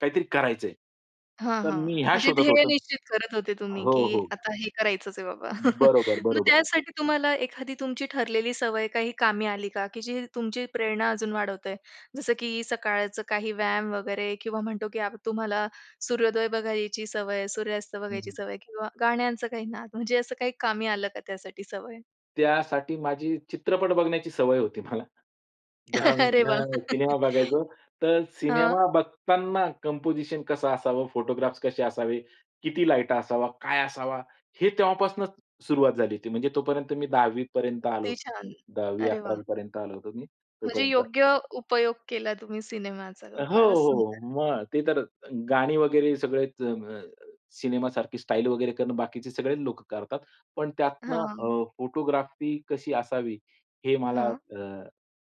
काहीतरी करायचंय. हां, तर हां, मी ह्या म्हणजे शोधत ध्येय होतो. निश्चित करत होते तुम्ही, की हो, हो. आता हे करायचंच आहे बाबा. बरोबर, मग बरोबर. त्यासाठी तुम्हाला एखादी तुमची ठरलेली सवय काही कामी आली का? की जी तुमची प्रेरणा अजून वाढवतोय, जसं, की सकाळचं काही व्यायाम वगैरे किंवा म्हणतो की आप तुम्हाला सूर्योदय बघायची सवय आहे, सूर्यास्त बघायची हं. सवय आहे किंवा गाण्यांचं काही नाद म्हणजे असं काही कामी आलं का त्यासाठी सवय? त्यासाठी माझी चित्रपट बघण्याची सवय होती मला. अरे वाह. [unintelligible] सिनेमा बघायचो. तर हां. सिनेमा बघताना कंपोझिशन कसं असावं, फोटोग्राफ्स कसे असावे, किती लाईट असावा, काय असावा? हे तेव्हापासूनच सुरुवात झाली होती. म्हणजे तोपर्यंत मी 10वी पर्यंत आलो किती होतो. छान. दहावी अरे वाह! अकरावी पर्यंत आलो होतो मी म्हणजे तोपर्यंत. योग्य उपयोग केला तुम्ही सिनेमा चा? हो, फारच हो, सुंदर! मग ते तर गाणी वगैरे सगळेच अ म सिनेमा सारखी स्टाईल वगैरे करणं बाकीचे सगळे लोक करतात. पण त्यातनं हां. अ, फोटोग्राफी कशी असावी हे मला हां. अ,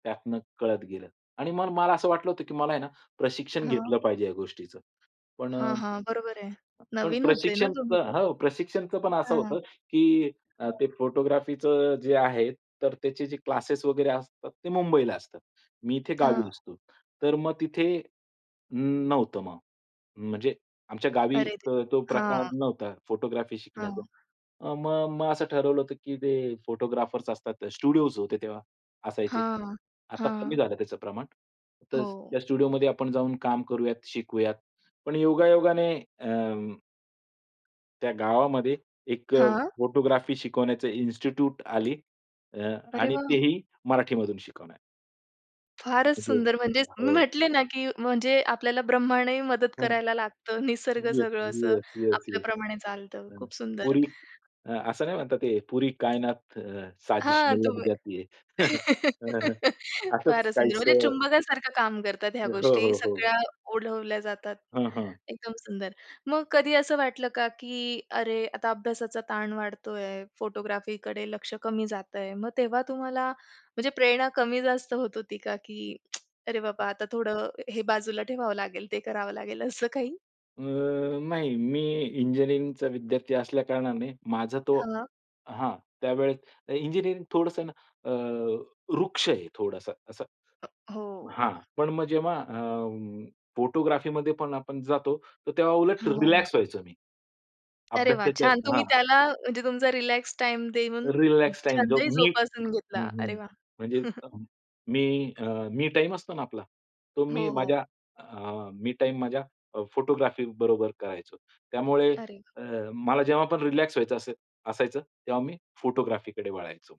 त्यातनं कळत गेलं. आणि म मला असं वाटलं होतं, की मला आहे ना प्रशिक्षण हं. घेतलं पाहिजे या गोष्टीचं. पण हां, हां, बरोबर आहे. ...पण नवीन होते ना प्रशिक्षणच तुम्हीपण? हो प्रशिक्षणच पण असं हं. होतं, की अ, ते फोटोग्राफीच जे आहे तर त्याचे जे क्लासेस वगैरे असतात ते मुंबईला असतात. मी इथे गावी हां. असतो. तर मग तिथे नव्हतं मग. म्हणजे आमच्या गावी अरे अ, तो देवा! प्रकार हां. नव्हता फोटोग्राफी शिकण्याचा. हां. अ, म मग असं ठरवलं होतं, की ते फोटोग्राफर्स असतात स्टुडिओज होते तेव्हा असायचे. हां, आता कमी हां. झालं त्याचं प्रमाण. तर हो. त्या स्टुडिओमध्ये आपण जाऊन काम करूयात, शिकवूयात. पण योगा-योगाने अम्म त्या गावामध्ये एक हां. फोटोग्राफी शिकवण्याचं इन्स्टिट्यूट आली अ, अरे आणि वाह! तेही मराठीमधून शिकवणारी. फारच [unintelligible] सुंदर म्हणजेच मी हो. म्हंटले ना, की म्हणजे आपल्याला ब्रह्मांडही मदत हां, करायला लागतं, निसर्ग येस, सगळं असं येस, येस, येस. आपल्याप्रमाणे चालतं. हां, खूप सुंदर! पुरी अ, असं नाही म्हणतात हे पुरी कायनात अ, साजिश हां, लग तुम्ही जाती है असंच फारच सुंदर. म्हणजे काहीसं चुंबकासारखं काम करतात ह्या हो, गोष्टी, हो, हो. सगळ्या ओढवल्या जातात. हां, हां. एकदम सुंदर. मग कधी असं वाटलं का, की अरे आता अभ्यासाचा ताण वाढतोय, फोटोग्राफीकडे लक्ष कमी जातंय? मग तेव्हा तुम्हाला म्हणजे प्रेरणा कमी जास्त होत होती का? की अरे बाबा! आता थोडं हे बाजूला ठेवावं लागेल ते करावं लागेल असं काही? अ, नाही मी इंजिनिअरिंगचा विद्यार्थी असल्या कारणाने माझा तो हां. हां त्यावेळेस इंजिनिअरिंग थोडंसंन अ, रुक्ष आहे थोडासा असं अ, हो. हां पण मग जेव्हा अ, फोटोग्राफीमध्ये पण आपण जातो तर तेव्हा उलट रिलॅक्स हां. व्हायचो मी. अरे वाह! अभ्यासाच्या छान. हां. तुम्ही त्याला म्हणजे तुमचा रिलॅक्स टाईम देऊन रिलॅक्स टाईम छंदही मी जोपासून घेतला. अरे हं वाह. म्हणजे मी अ, मी टाईम असतो ना आपला तो मी हो, हो. माझ्या अ, मी टाईम माझ्या फोटोग्राफी बरोबर करायचो. त्यामुळे अरे! अ, मला जेव्हा पण रिलॅक्स व्हायचं असे असायचं तेव्हा मी फोटोग्राफीकडे वळायचो.